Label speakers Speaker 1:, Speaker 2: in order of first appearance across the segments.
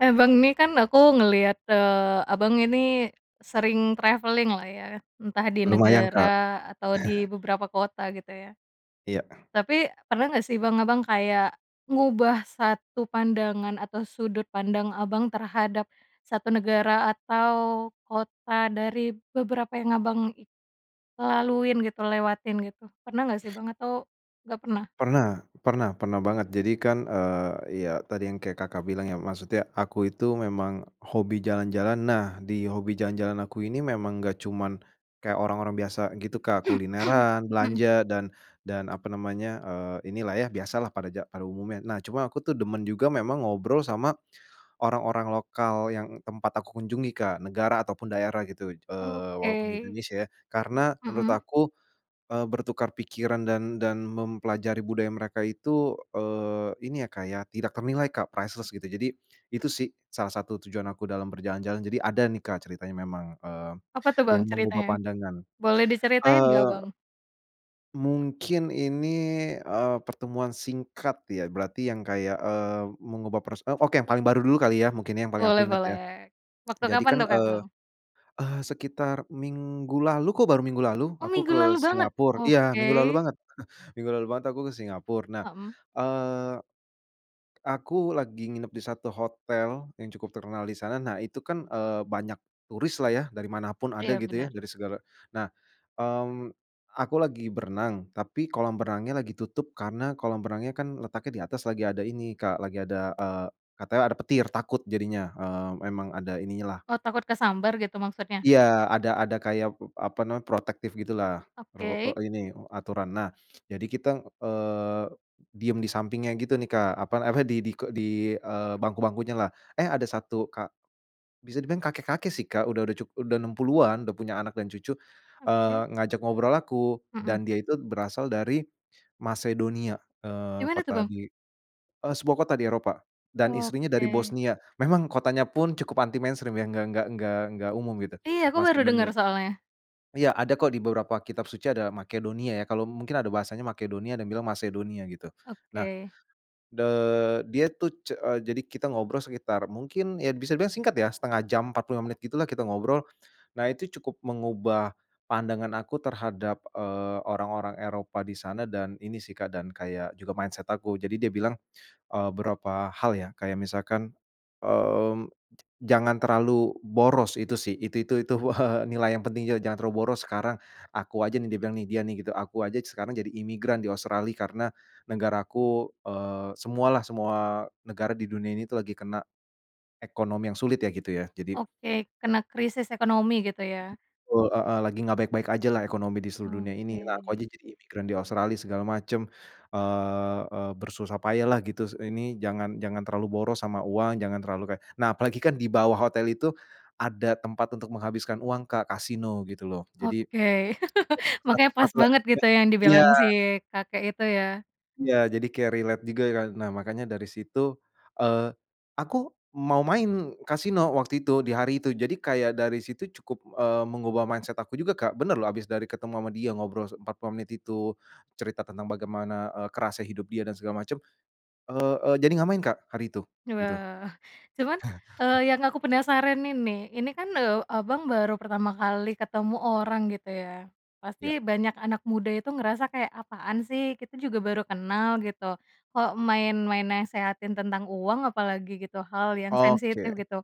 Speaker 1: Eh, Bang ini kan aku ngeliat, eee, Abang ini sering traveling-lah ya, entah di
Speaker 2: Lumayan
Speaker 1: negara
Speaker 2: Kak.
Speaker 1: atau di beberapa kota gitu ya.
Speaker 2: Iya.
Speaker 1: Tapi pernah nggak sih, Bang, Abang kayak ngubah satu pandangan atau sudut pandang Abang terhadap satu negara atau kota dari beberapa yang Abang laluin gitu, lewatin gitu, pernah nggak sih Bang, atau nggak pernah?
Speaker 2: Pernah, pernah pernah banget. Jadi kan, eee, ya tadi yang kayak Kakak bilang ya, maksudnya aku itu memang hobi jalan-jalan. Nah, di hobi jalan-jalan aku ini memang enggak cuma, kayak orang-orang biasa gitu, Kak, kulineran,
Speaker 1: Hmm.
Speaker 2: belanja, dan dan apa namanya, eee, inilah ya, biasalah pada ja pada umumnya. Nah, cuma aku tuh demen juga memang ngobrol sama orang-orang lokal yang tempat aku kunjungi, Kak, negara ataupun daerah gitu, eee walaupun di
Speaker 1: Oke.
Speaker 2: Indonesia ya, karena menurut
Speaker 1: Mhm.
Speaker 2: aku, eee, bertukar pikiran dan dan mempelajari budaya mereka itu, eee, ini ya, Kak, ya, tidak ternilai Kak, priceless gitu. Jadi itu sih, salah satu tujuan aku dalam berjalan-jalan, jadi ada nih, Kak, ceritanya memang, eee,
Speaker 1: Apa tuh, Bang,
Speaker 2: yang mengubah
Speaker 1: ceritanya?
Speaker 2: pandangan.
Speaker 1: Boleh diceritain nggak, Bang?
Speaker 2: Eee mungkin ini, eee, pertemuan singkat ya, berarti yang kayak, eee, mengubah pros oke, yang paling baru dulu kali ya, mungkin yang paling aku
Speaker 1: Boleh
Speaker 2: ingat ya.
Speaker 1: boleh waktu
Speaker 2: Jadi
Speaker 1: kapan
Speaker 2: kan,
Speaker 1: tuh kah,
Speaker 2: eee,
Speaker 1: Bang?
Speaker 2: eh, sekitar minggu lalu kok baru minggu lalu
Speaker 1: Oh
Speaker 2: aku
Speaker 1: minggu
Speaker 2: ke
Speaker 1: lalu banget?
Speaker 2: Singapura, iya
Speaker 1: Oke.
Speaker 2: minggu lalu banget. Minggu lalu banget aku ke Singapura, nah,
Speaker 1: Hmm.
Speaker 2: eee aku lagi nginep di satu hotel yang cukup terkenal di sana, nah itu kan, eee, banyak turis lah ya, dari mana pun ada
Speaker 1: Iya
Speaker 2: gitu ya,
Speaker 1: bener.
Speaker 2: dari segala, nah, mmm, aku lagi berenang, tapi kolam renangnya lagi tutup karena kolam renangnya kan letaknya di atas lagi ada ini Kak, lagi ada, eee, katanya ada petir takut jadinya, eee, emang ada ininya lah.
Speaker 1: Oh, takut kesambar gitu maksudnya?
Speaker 2: Iya, ada ada kayak, eee, apa namanya, protektif gitulah, rul
Speaker 1: Oke.
Speaker 2: eee ini, eee, aturan. Nah, jadi kita eee, diam di sampingnya gitu nih Kak, apa, apa di di ko di, eee, bangku-bangkunya lah, eh, ada satu ka bisa dibilang kakek-kakek sih, Kak, udah udah cukup, udah 60-an udah punya anak dan cucu, eee,
Speaker 1: Oke.
Speaker 2: ngajak ngobrol aku
Speaker 1: Heeh.
Speaker 2: dan dia itu berasal dari Macedonia, eee,
Speaker 1: Gimana tuh,
Speaker 2: kota
Speaker 1: Bang?
Speaker 2: di, eee, sebuah kota di Eropa, dan istrinya dari
Speaker 1: Oke.
Speaker 2: Bosnia, memang kotanya pun cukup anti mainstream ya, enggak enggak enggak enggak umum gitu,
Speaker 1: Iya aku baru denger
Speaker 2: Macedonia.
Speaker 1: soalnya.
Speaker 2: Iya ada kok, di beberapa kitab suci ada Makedonia ya, kalau mungkin ada bahasanya Makedonia, ada yang bilang Macedonia gitu. Nah,
Speaker 1: Oke.
Speaker 2: de dia tuh ce jadi kita ngobrol sekitar mungkin, ya bisa dibilang singkat ya, 0,5 jam, 45 menit gitulah, kita ngobrol. Nah, itu cukup mengubah pandangan aku terhadap, eee, orang-orang Eropa di sana dan ini sih, Kak, dan kayak juga mindset aku. Jadi, dia bilang, eee, berapa hal ya, kayak misalkan, mmm, "Jangan terlalu boros," itu sih, itu itu itu, nilai yang penting juga, "Jangan terlalu boros sekarang. Aku aja nih," dia bilang nih, dia nih gitu, "aku aja sekarang jadi imigran di Australia karena negara aku, eee, semualah, semua negara di dunia ini tuh lagi kena ekonomi yang sulit ya, gitu ya," jadi
Speaker 1: Oke kena krisis ekonomi gitu ya.
Speaker 2: Wa heeh, "lagi gak baik-baik ajalah ekonomi di seluruh dunia ini, lah aku aja
Speaker 1: Oke.
Speaker 2: jadi imigran di Australia, segala macem, eee eee, bersusah payah lah gitu, ini jangan jangan terlalu boros sama uang, jangan terlalu kayak." Nah, apalagi kan di bawah hotel itu, ada tempat untuk menghabiskan uang, Kak, Kasino gitu loh, jadi,,
Speaker 1: Oke, makanya pas banget
Speaker 2: [unintelligible]
Speaker 1: gitu yang
Speaker 2: iya.
Speaker 1: dibilang si kakek itu ya?
Speaker 2: Iya jadi kaya relate juga kan, nah makanya dari situ, eee, aku mau main Kasino waktu itu di hari itu, jadi kayak dari situ cukup, eee, mengubah mindset aku juga Kak, bener loh habis dari ketemu sama dia ngobrol 45 menit itu, cerita tentang bagaimana, eee, kerasnya hidup dia dan segala macam, eee eee, jadi enggak main, Kak, hari itu gitu.
Speaker 1: Wah, cuman, eee, yang aku penasaran ini, ini kan, eee, Abang baru pertama kali ketemu orang gitu ya,
Speaker 2: Iya.
Speaker 1: pasti banyak anak muda itu ngerasa kayak, "Apaan sih? Kita juga baru kenal gitu kok main main nasehatin tentang uang apalagi gitu hal yang
Speaker 2: Oke.
Speaker 1: sensitif." Gitu,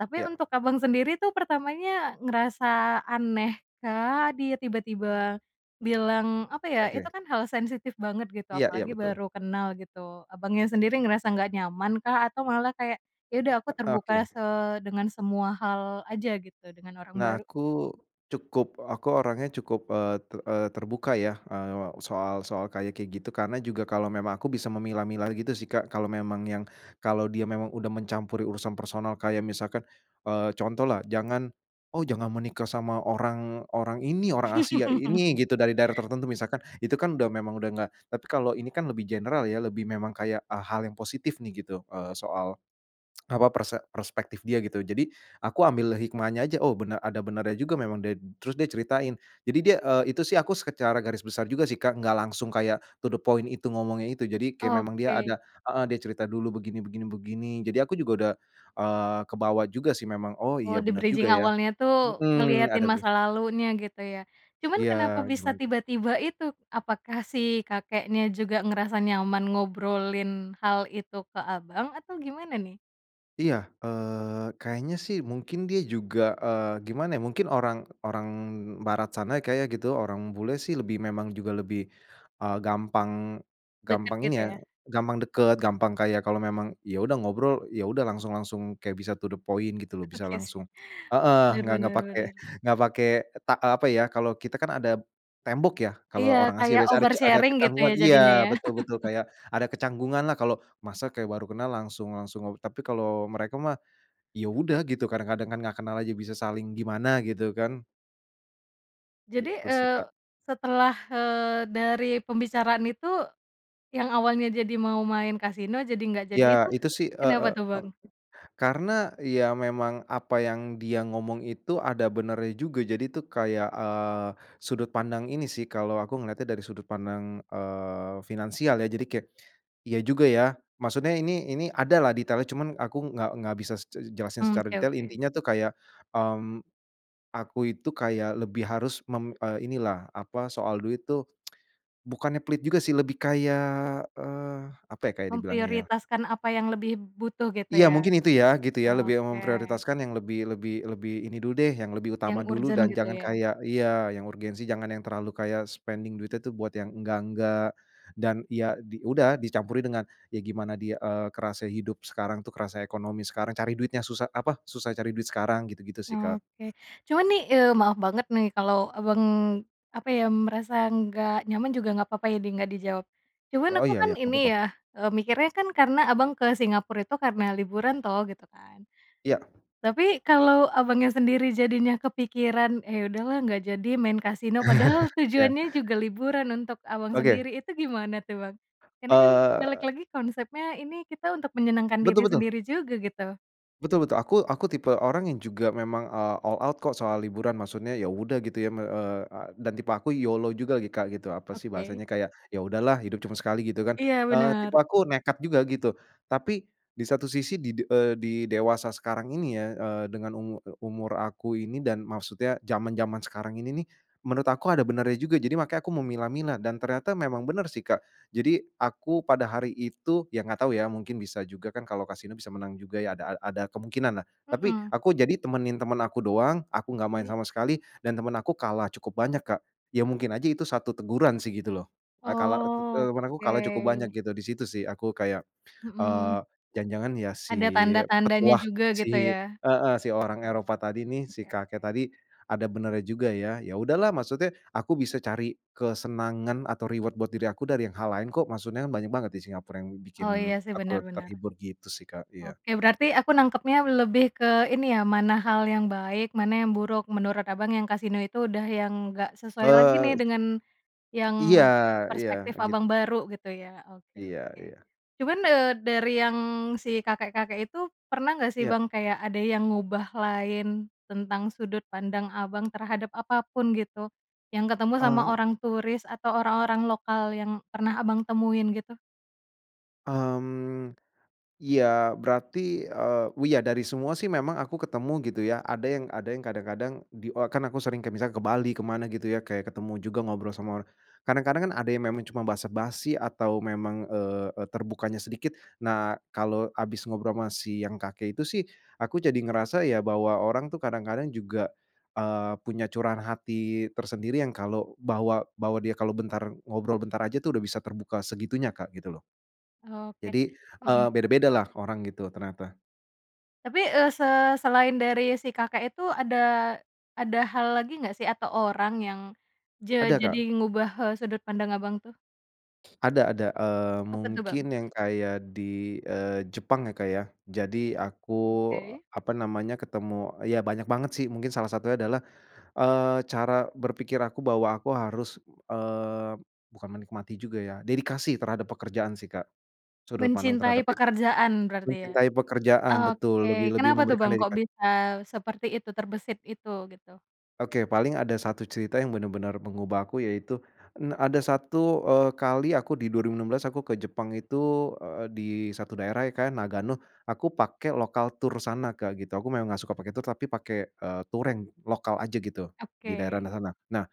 Speaker 1: tapi
Speaker 2: Ya.
Speaker 1: untuk Abang sendiri tuh pertamanya ngerasa aneh kah, dia tiba-tiba bilang apa ya, itu
Speaker 2: Oke.
Speaker 1: kan hal sensitif banget gitu
Speaker 2: Iya iya
Speaker 1: apalagi
Speaker 2: betul.
Speaker 1: baru kenal gitu, Abangnya sendiri ngerasa enggak nyaman kah, atau malah kayak, "Ya udah aku terbuka
Speaker 2: Oke.
Speaker 1: se dengan semua hal aja gitu dengan orang
Speaker 2: Nah,
Speaker 1: baru."?
Speaker 2: aku cukup aku orangnya cukup, eee, te eee, terbuka, ya, eee, soal soal kayak kayak gitu. Karena juga kalau memang aku bisa memilah-milah gitu sih, Kak. Kalau memang yang kalau dia memang udah mencampuri urusan personal kayak misalkan, eee, contohlah, "Jangan oh jangan menikah sama orang orang ini, orang Asia ini gitu dari daerah tertentu," misalkan itu kan udah memang udah enggak, tapi kalau ini kan lebih general ya lebih memang kayak, e hal yang positif nih gitu, eee, soal apa perse perspektif dia gitu, jadi aku ambil hikmahnya aja, oh benar, oh ada benarnya juga memang ded terus dia ceritain, jadi dia, eee, itu sih aku secara garis besar juga sih, Kak, gak langsung kayak to the point itu ngomongnya itu. Jadi, kayak memang dia
Speaker 1: Oke.
Speaker 2: ada heeh dia cerita dulu begini begini begini, jadi aku juga udah, eee, kebawa juga sih memang, "Oh
Speaker 1: Oh,
Speaker 2: iya bener juga
Speaker 1: di-bridging
Speaker 2: ya,"
Speaker 1: awalnya tuh,
Speaker 2: heeh,
Speaker 1: ngeliatin
Speaker 2: ada ben
Speaker 1: masa lalunya gitu ya? Cuman
Speaker 2: Iya,
Speaker 1: kenapa bisa
Speaker 2: gimana?
Speaker 1: tiba-tiba itu? Apakah si kakeknya juga ngerasa nyaman ngobrolin hal itu ke Abang, atau gimana nih?
Speaker 2: Iya. Eee, kayaknya sih, mungkin dia juga, eee, gimana ya, mungkin orang orang barat sana kayaknya gitu, orang bule sih lebih memang juga lebih, eee, gampang,
Speaker 1: Deket
Speaker 2: gampang ini
Speaker 1: gitu
Speaker 2: ya,
Speaker 1: ya?
Speaker 2: gampang deket, gampang kayak kalau memang ya udah ngobrol ya udah langsung langsung kayak bisa to the point gitu loh. Bisa
Speaker 1: Oke sih.
Speaker 2: langsung heeh,
Speaker 1: Bener
Speaker 2: nggak nggak
Speaker 1: bener
Speaker 2: pake
Speaker 1: bener.
Speaker 2: nggak pake ta eee, apa ya, kalau kita kan ada, tembok ya kalau
Speaker 1: Iya
Speaker 2: orang Asia
Speaker 1: kayak
Speaker 2: biasanya ada ca ada
Speaker 1: oversharing gitu
Speaker 2: kecanggungan,
Speaker 1: ya jadinya
Speaker 2: iya,
Speaker 1: ya?
Speaker 2: betul betul kayak ada kecanggungan lah kalau masa kayak baru kenal langsung langsung, tapi kalau mereka mah, ya udah gitu kadang-kadang kan gak kenal aja bisa saling gimana gitu kan.
Speaker 1: Jadi,
Speaker 2: Gitu sih,
Speaker 1: eee,
Speaker 2: Kak.
Speaker 1: setelah, eee, dari pembicaraan itu yang awalnya jadi mau main kasino jadi nggak jadi
Speaker 2: Iya,
Speaker 1: itu
Speaker 2: itu sih, eee
Speaker 1: kenapa
Speaker 2: eee,
Speaker 1: tuh,
Speaker 2: e
Speaker 1: Bang?
Speaker 2: karena, ya memang apa yang dia ngomong itu, ada benernya juga. Jadi tuh kayak, eee, sudut pandang ini sih, kalau aku ngelihatnya dari sudut pandang, eee, finansial, ya. Jadi kayak, iya juga ya. Maksudnya ini ini ada lah detailnya, cuma aku nggak nggak bisa se jelasin
Speaker 1: Mmm,
Speaker 2: secara
Speaker 1: oke
Speaker 2: detail.
Speaker 1: oke.
Speaker 2: Intinya tuh kayak, mmm, aku itu kayak lebih harus mem eee, inilah, apa, soal duit tuh, bukannya pelit juga sih lebih kayak, eee, apa ya kayak dibilangnya ya?
Speaker 1: Memprioritaskan apa yang lebih butuh gitu
Speaker 2: Iya,
Speaker 1: ya?
Speaker 2: mungkin itu ya, gitu ya lebih
Speaker 1: Oke.
Speaker 2: memprioritaskan yang lebih lebih lebih ini dulu deh yang lebih utama
Speaker 1: Yang
Speaker 2: dulu,
Speaker 1: urgen,
Speaker 2: dan
Speaker 1: gitu
Speaker 2: jangan
Speaker 1: ya?
Speaker 2: kayak iya yang urgensi jangan yang terlalu kayak spending duitnya itu buat yang enggak-enggak, dan ya di udah dicampurin dengan ya gimana dia, eee, kerasa hidup sekarang tuh, kerasa ekonomi sekarang cari duitnya susah, apa, susah cari duit sekarang gitu-gitu sih Kak.
Speaker 1: Oke. Cuma nih, eee, maaf banget nih kalau Abang, apa ya, merasa nggak nyaman juga nggak apa-apa ya di nggak dijawab, cuman
Speaker 2: Oh,
Speaker 1: aku
Speaker 2: iya
Speaker 1: kan
Speaker 2: iya nggak
Speaker 1: ini
Speaker 2: apa-apa.
Speaker 1: ya, eee, mikirnya kan karena Abang ke Singapura itu karena liburan toh, gitu kan?
Speaker 2: Iya.
Speaker 1: Tapi kalau Abangnya sendiri jadinya kepikiran, "Ya udahlah nggak jadi main kasino," padahal
Speaker 2: Iya.
Speaker 1: tujuannya juga liburan untuk Abang
Speaker 2: Oke.
Speaker 1: sendiri, itu gimana tuh, Bang? Karena kan balik
Speaker 2: Eee.
Speaker 1: lagi konsepnya ini kita untuk menyenangkan
Speaker 2: Betul
Speaker 1: diri
Speaker 2: betul.
Speaker 1: sendiri juga gitu.
Speaker 2: Betul betul, aku aku tipe orang yang juga memang, eee, all out kok soal liburan maksudnya ya udah gitu ya eee, e dan tipe aku YOLO juga gitu, Kak, apa sih bahasanya
Speaker 1: Oke.
Speaker 2: kayak, ya udahlah hidup cuma sekali gitu kan,
Speaker 1: Iya,
Speaker 2: eee, tipe
Speaker 1: bener.
Speaker 2: aku nekat juga gitu. Tapi di satu sisi di de eee, di dewasa sekarang ini ya, eee, dengan umur, e umur aku ini dan maksudnya zaman-zaman sekarang ini nih, menurut aku ada benarnya juga jadi makanya aku memilah-milah dan ternyata memang benar sih, Kak. Jadi, aku pada hari itu ya gak tau ya, mungkin bisa juga kan kalau Kasino bisa menang juga ya ada ada kemungkinanlah, tapi
Speaker 1: Hmm.
Speaker 2: aku jadi temenin teman aku doang, aku gak main
Speaker 1: Oke.
Speaker 2: sama sekali dan teman aku kalah cukup banyak Kak, ya mungkin aja itu satu teguran sih gitu loh. Eee kalah eee, tet
Speaker 1: Oh,
Speaker 2: temen aku kalah cukup banyak
Speaker 1: oke.
Speaker 2: gitu di situ sih aku kayak,
Speaker 1: Hmm.
Speaker 2: eee, jangan-jangan ya si
Speaker 1: Ada tanda-tandanya
Speaker 2: petuah
Speaker 1: juga gitu
Speaker 2: si
Speaker 1: ya?
Speaker 2: heeh si orang Eropa tadi nih, si kakek tadi, ada benarnya juga ya. Ya udahlah maksudnya aku bisa cari kesenangan atau reward buat diri aku dari yang hal lain kok maksudnya banyak banget di Singapura yang bikin
Speaker 1: Oh, iya sih
Speaker 2: aku
Speaker 1: bener bener.
Speaker 2: terhibur gitu sih, Kak, iya.
Speaker 1: Oke, berarti aku nangkepnya lebih ke ini ya, mana hal yang baik, mana yang buruk menurut Abang, yang kasino itu udah yang nggak sesuai lagi
Speaker 2: Eee
Speaker 1: nih dengan
Speaker 2: Iya,
Speaker 1: yang
Speaker 2: iya,
Speaker 1: perspektif
Speaker 2: gitu.
Speaker 1: Abang baru gitu ya. Oke
Speaker 2: Iya
Speaker 1: oke.
Speaker 2: iya.
Speaker 1: Cuman, eee, dari yang si kakek-kakek itu pernah nggak sih
Speaker 2: Ya.
Speaker 1: Bang, kayak ada yang ngubah lain, tentang sudut pandang Abang, terhadap apa pun gitu? Yang ketemu sama
Speaker 2: Eee.
Speaker 1: orang turis atau orang-orang lokal yang pernah Abang temuin gitu?
Speaker 2: Mmm. Iya, berarti, eee, iya dari semua sih, memang aku ketemu gitu ya, ada yang ada yang kadang-kadang di e kan aku sering kayak misalnya ke Bali, ke mana gitu ya, kayak ketemu juga ngobrol sama orang. Kadang-kadang kan ada yang memang cuma basa-basi atau memang, eee eee, terbukanya sedikit. Nah, kalau habis ngobrol sama si yang kakek itu sih, aku jadi ngerasa ya, bahwa orang tuh kadang-kadang juga, eee, punya curahan hati tersendiri yang kalau bahwa bahwa dia kalau bentar ngobrol bentar aja tuh udah bisa terbuka segitunya, Kak, gitu loh.
Speaker 1: Oke.
Speaker 2: Jadi, eee,
Speaker 1: Hmm.
Speaker 2: beda-bedalah orang gitu ternyata.
Speaker 1: Tapi, eee, se selain dari si kakek itu ada, ada hal lagi nggak sih? Atau orang yang ja
Speaker 2: Ada
Speaker 1: jadi
Speaker 2: Kak.
Speaker 1: ngubah e sudut pandang Abang tuh?
Speaker 2: Ada ada, mmm,
Speaker 1: Apa tuh Bang?
Speaker 2: mungkin yang kaya di, eee, Jepang ya, Kak, ya? Jadi aku
Speaker 1: Oke.
Speaker 2: apa namanya, ketemu ya banyak banget sih, mungkin salah satunya adalah, eee, cara berpikir aku bahwa aku harus, eee, bukan menikmati juga ya, dedikasi terhadap pekerjaan sih, Kak, sudut pandang terhadap
Speaker 1: Mencintai
Speaker 2: itu.
Speaker 1: pekerjaan berarti ya?
Speaker 2: Mencintai pekerjaan betul. Lebih
Speaker 1: Oke,
Speaker 2: lebih
Speaker 1: kenapa tuh
Speaker 2: memberikan
Speaker 1: Bang, kok
Speaker 2: dedika
Speaker 1: bisa seperti itu terbesit itu, gitu?
Speaker 2: Oke, paling ada satu cerita yang benar-benar mengubah aku yaitu, en ada satu eee, kali aku di 2016 aku ke Jepang itu, eee, di satu daerah ya Kak, ya, Nagano, Aku pakai lokal tur sana Kak, gitu. Aku memang gak suka pakai tur, tapi pakai eee, tur yang lokal aja gitu di daerah
Speaker 1: Oke.
Speaker 2: Nagano. Nah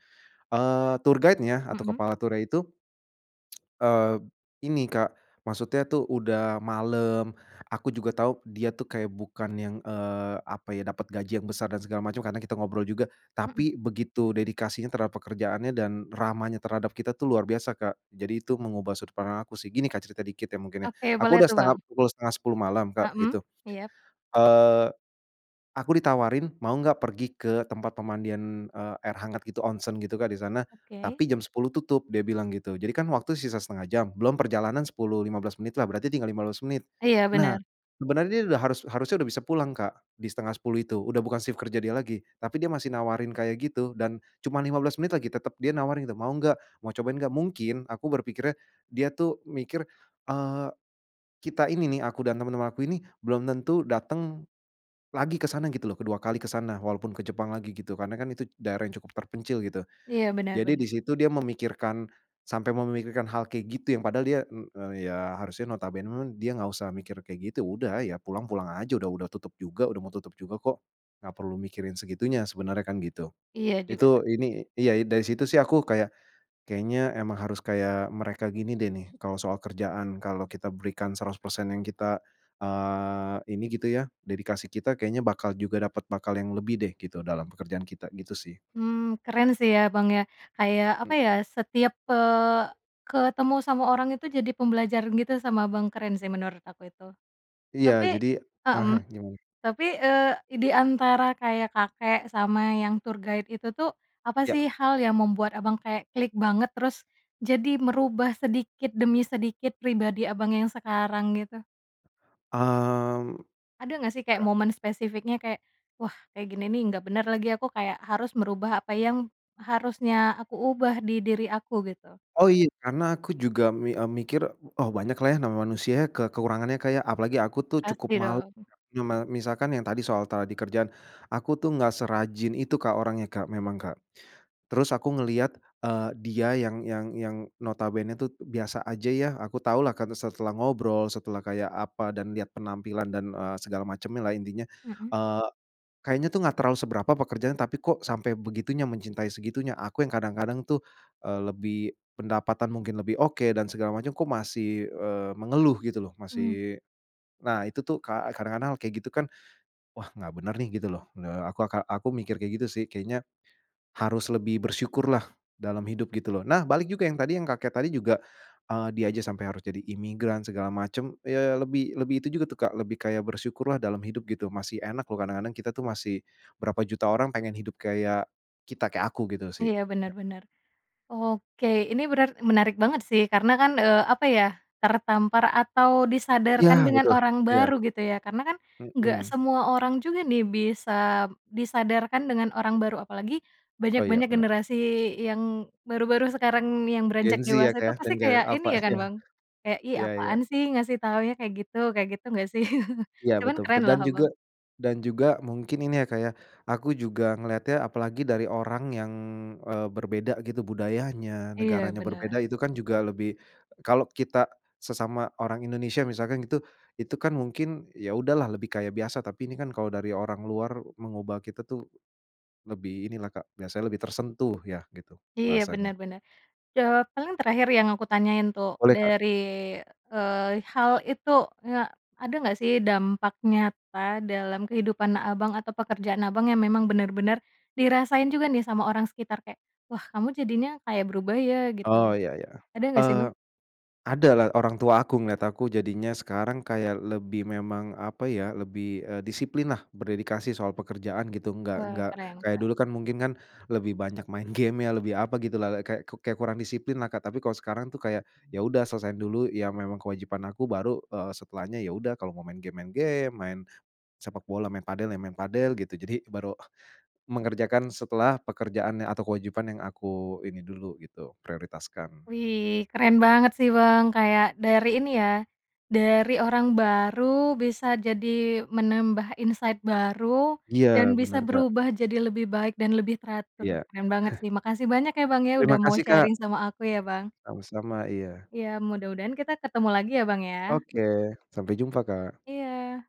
Speaker 2: eee, tour guide-nya atau
Speaker 1: Hmm.
Speaker 2: kepala turnya itu eee, ini, Kak. Maksudnya tuh udah malam, aku juga tahu, dia tuh kayak bukan yang, eee, apa ya, dapat gaji yang besar dan segala macam, karena kita ngobrol juga.
Speaker 1: Hmm.
Speaker 2: Tapi begitu dedikasinya terhadap pekerjaannya dan ramahnya terhadap kita tuh luar biasa, Kak. Jadi itu mengubah sudut pandang aku sih, gini Kak cerita dikit ya mungkin ya.
Speaker 1: Oke,
Speaker 2: Aku
Speaker 1: boleh
Speaker 2: sudah
Speaker 1: tuh,
Speaker 2: setengah
Speaker 1: Bang.
Speaker 2: pukul 09:30 malam, Kak
Speaker 1: Hmm.
Speaker 2: itu.
Speaker 1: Iya?
Speaker 2: Eee, aku ditawarin, "Mau enggak pergi ke tempat pemandian, eee, air hangat gitu, onsen?" Gitu Kak, di sana.
Speaker 1: Oke.
Speaker 2: Tapi jam 10.00 tutup, dia bilang gitu. Jadi kan waktu sisa 0,5 jam, belum perjalanan 10, 15 menitlah, berarti tinggal 15 menit.
Speaker 1: Iya
Speaker 2: Nah,
Speaker 1: bener.
Speaker 2: sebenarnya dia udah harus harusnya sudah bisa pulang Kak, di 09:30 itu, udah bukan sif kerja dia lagi, tapi dia masih nawarin kayak gitu, dan cuma 15 menit lagi, tetap dia nawarin itu, "Mau enggak? Mau cobain enggak?" Mungkin aku berpikirnya dia tuh mikir, eee, kita ini nih, aku dan teman-teman aku ini belum tentu datang lagi ke sana gitu loh, kedua kali ke sana walaupun ke Jepang lagi gitu, karena kan itu d daerah yang cukup terpencil gitu.
Speaker 1: Iya, bener
Speaker 2: Jadi
Speaker 1: bener.
Speaker 2: di situ, dia memikirkan sampai memikirkan hal kayak gitu yang padahal dia, e eee, ya harusnya notabene, dia nggak usah mikir kayak gitu, udah ya pulang, pulang aja, udah udah tutup juga, udah mau tutup juga kok, gak perlu mikirin segitunya sebenarnya kan gitu.
Speaker 1: Iya juga betul.
Speaker 2: Itu, ini iya dari situ sih, aku kayak, kayaknya emang harus kayak mereka gini deh nih, kalau soal kerjaan kalau kita berikan 100% yang kita, eee, ini gitu ya, dedikasi kita kayaknya bakal juga dapat bakal yang lebih deh, gitu dalam pekerjaan kita gitu sih.
Speaker 1: Mmm, keren sih ya, Bang, ya, kayak apa
Speaker 2: Eee
Speaker 1: ya, setiap eee, ketemu sama orang itu jadi pembelajaran gitu sama Abang, keren sih menurut aku itu.
Speaker 2: Iya
Speaker 1: Tapi
Speaker 2: jadi, ah
Speaker 1: mhm,
Speaker 2: hah gimana?
Speaker 1: tapi, eee, di antara kayak kakek sama yang tour guide itu tuh, apa sih
Speaker 2: Ya.
Speaker 1: hal yang membuat Abang kayak klik banget terus jadi merubah sedikit demi sedikit pribadi Abang yang sekarang gitu?
Speaker 2: Mmm.
Speaker 1: Ada nggak sih kayak
Speaker 2: Kak
Speaker 1: momen spesifiknya kayak, "Wah kayak gini nih nggak bener lagi, aku kayak harus merubah apa yang harusnya aku ubah di diri aku," gitu?
Speaker 2: Oh, iya karena aku juga mi eee, mikir, oh banyaklah ya namanya manusia ke kekurangannya ya, Kak, ya, apalagi aku tuh cukup
Speaker 1: Pasti
Speaker 2: malu
Speaker 1: dong.
Speaker 2: me misalkan yang tadi soal tadi kerjaan, aku tuh enggak serajin itu, Kak, orangnya, Kak, memang, Kak. Terus aku ngelihat, eee, dia yang yang yang, notabene tu biasa aja ya, aku tahulah karena setelah ngobrol, setelah kayak apa dan lihat penampilan dan, eee, segala macemnya lah, intinya,
Speaker 1: Heeh.
Speaker 2: eee, kayaknya tuh gak terlalu seberapa pekerjaan tapi kok sampai begitunya, mencintai segitunya, aku yang kadang-kadang tuh, eee, lebih pendapatan mungkin lebih, oke, dan segala macam kok masih, eee, mengeluh gitu loh,
Speaker 1: Mmm.
Speaker 2: masih nah itu tuh ka kadang-kadang kayak gitu kan, wah gak bener nih gitu loh. Eee, aku aka aku mikir kayak gitu sih, kayaknya harus lebih bersyukurlah dalam hidup gitu loh. Nah, balik juga yang kakek tadi juga, eee, dia aja sampai harus jadi imigran segala macam, ya lebih lebih itu juga tuh, Kak, lebih kayak bersyukurlah dalam hidup gitu, masih enak loh, kadang-kadang kita tuh masih berapa juta orang pengen hidup kayak kita, kayak aku gitu sih.
Speaker 1: Iya bener bener. Oke, ini benar menarik banget sih, karena kan, eee, apa ya, tertampar atau
Speaker 2: Iya
Speaker 1: disadarkan dengan
Speaker 2: betul.
Speaker 1: orang
Speaker 2: Iya.
Speaker 1: baru gitu ya karena kan nggak
Speaker 2: Hmm.
Speaker 1: semua orang juga nih, bisa, disadarkan dengan orang baru apalagi
Speaker 2: Oh, iya
Speaker 1: banyak-banyak
Speaker 2: bener.
Speaker 1: generasi yang baru-baru sekarang yang
Speaker 2: Gen
Speaker 1: beranjak
Speaker 2: Z ya,
Speaker 1: dewasa
Speaker 2: Kak,
Speaker 1: itu
Speaker 2: ya? Dan
Speaker 1: pasti
Speaker 2: gen
Speaker 1: kayak ini
Speaker 2: Alpha?
Speaker 1: ya kan
Speaker 2: Iya.
Speaker 1: Bang, kayak, "Ih
Speaker 2: Iya iya.
Speaker 1: apaan sih ngasih taunya kayak gitu," kayak gitu nggak sih?
Speaker 2: Ya,
Speaker 1: Cuman
Speaker 2: betul
Speaker 1: keren
Speaker 2: betul
Speaker 1: loh
Speaker 2: dan juga
Speaker 1: Abang.
Speaker 2: dan juga mungkin ini ya, Kak, ya, aku juga ngelihatnya apalagi dari orang yang, eee, berbeda gitu budayanya,
Speaker 1: Iya
Speaker 2: negaranya
Speaker 1: bener.
Speaker 2: berbeda itu kan juga lebih kalau kita sesama orang Indonesia misalkan gitu, itu kan mungkin, ya udahlah lebih kayak biasa tapi ini kan kalau dari orang luar mengubah kita tuh lebih inilah, Kak, biasanya lebih tersentuh ya gitu,
Speaker 1: Iya
Speaker 2: bahasanya.
Speaker 1: bener bener, jawaban terakhir yang aku tanyain tuh,
Speaker 2: Boleh, Kak.
Speaker 1: dari, eee, hal, itu kayak, ada nggak sih dampak nyata dalam kehidupan Abang atau pekerjaan Abang yang memang bener-bener dirasain juga nih sama orang sekitar kayak, "Wah kamu jadinya kayak berubah ya?" Gitu.
Speaker 2: Oh, iya iya.
Speaker 1: Ada nggak sih
Speaker 2: Eee,
Speaker 1: Bang?
Speaker 2: ada lah orang tua aku, ngeliat aku jadinya sekarang kayak lebih memang apa ya, lebih, eee, disiplinlah berdedikasi soal pekerjaan gitu, enggak
Speaker 1: Wah,
Speaker 2: enggak
Speaker 1: keren
Speaker 2: kayak
Speaker 1: keren.
Speaker 2: dulu kan mungkin kan lebih banyak main gamenya, lebih apa gitulah, kayak kayak kurang disiplinlah, Kak. Tapi kalau sekarang tuh, kayak ya udah selesaiin dulu ya memang kewajiban aku baru, eee, setelahnya, ya udah kalau mau main game main game, main sepak bola, main padel, ya main padel, gitu. Jadi baru mengerjakan setelah pekerjaannya atau kewajiban yang aku ini dulu gitu prioritaskan.
Speaker 1: Wih, keren banget sih Bang, kayak dari ini ya, dari orang baru bisa jadi menambah insight baru
Speaker 2: Iya
Speaker 1: dan bisa
Speaker 2: benar, Kak.
Speaker 1: berubah jadi lebih baik dan lebih teratur,
Speaker 2: Iya.
Speaker 1: keren banget sih. Makasih banyak ya Bang ya
Speaker 2: Terima
Speaker 1: udah mau
Speaker 2: kasih,
Speaker 1: sharing
Speaker 2: Kak.
Speaker 1: sama aku ya Bang.
Speaker 2: Sama-sama, iya.
Speaker 1: Iya mudah-mudahan kita ketemu lagi ya, Bang, ya.
Speaker 2: Oke, sampai jumpa, Kak.
Speaker 1: Iya.